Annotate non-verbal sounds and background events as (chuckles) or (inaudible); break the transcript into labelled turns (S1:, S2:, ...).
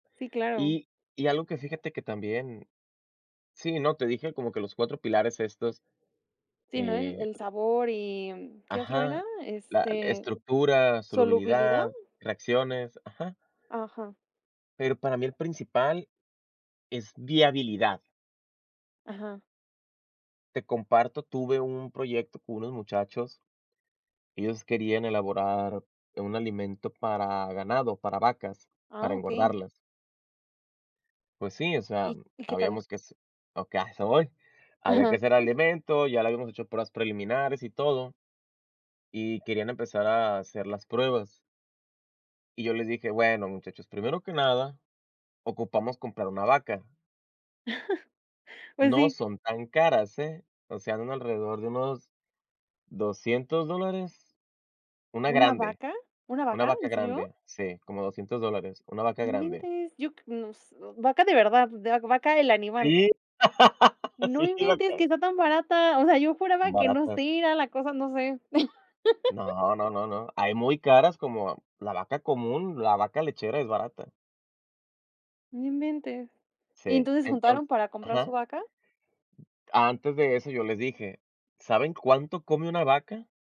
S1: Sí, claro.
S2: Y y algo que fíjate que también sí, no, te dije como que los 4 pilares estos,
S1: Sí, no, el
S2: eh
S1: el sabor, y mm, ¿qué otro era?
S2: Ajá, la l
S1: Este,
S2: estructura,
S1: ¿solubilidad?
S2: solubilidad, reacciones, ajá.
S1: Ajá.
S2: Pero para mí el principal es viabilidad.
S1: Ajá.
S2: Te comparto. Tuve un proyecto con unos muchachos, y ellos querían elaborar un alimento para ganado, para vacas, para
S1: Ah, okey.
S2: engordarlas. Pues sí, o sea,
S1: ¿Y
S2: mm,
S1: y qué tal?
S2: habíamos que hace okey, a eso voy. Había que
S1: Ajá.
S2: hacer
S1: (chuckles)
S2: alimento, ya lo habíamos hecho pruebas preliminares y todo, y querían empezar a hacer las pruebas. Y yo les dije: "Bueno, muchachos, primero que nada ocupamos comprar una vaca".
S1: (chuckles) Pues
S2: No
S1: sí.
S2: son tan caras, ¿eh? O sea, un alrededor de unos, ¿$200 dólares? Una
S1: ¿Una
S2: grande,
S1: vaca? ¿Una
S2: una
S1: vaca?
S2: vaca
S1: ¿En serio?
S2: grande, sí, como $200 dólares, una vaca
S1: ¡No
S2: grande.
S1: inventes! Yo cr nos ¿vaca, de verdad, d de vaca el animal?
S2: Sí, (laughs)
S1: ¡No
S2: sí,
S1: inventes,
S2: vaca.
S1: que está tan barata! O sea, yo juraba que no
S2: Baratas.
S1: sé, era la cosa, no sé. (chuckles)
S2: No, no, no, no. Hay muy caras, como la vaca común. La vaca lechera es barata.
S1: No inventes. ¿Y
S2: Sí,
S1: entonces
S2: entonces
S1: juntaron para comprar su
S2: ajá.
S1: vaca?
S2: Antes de eso, yo les dije: "¿Saben cuánto come una vaca?".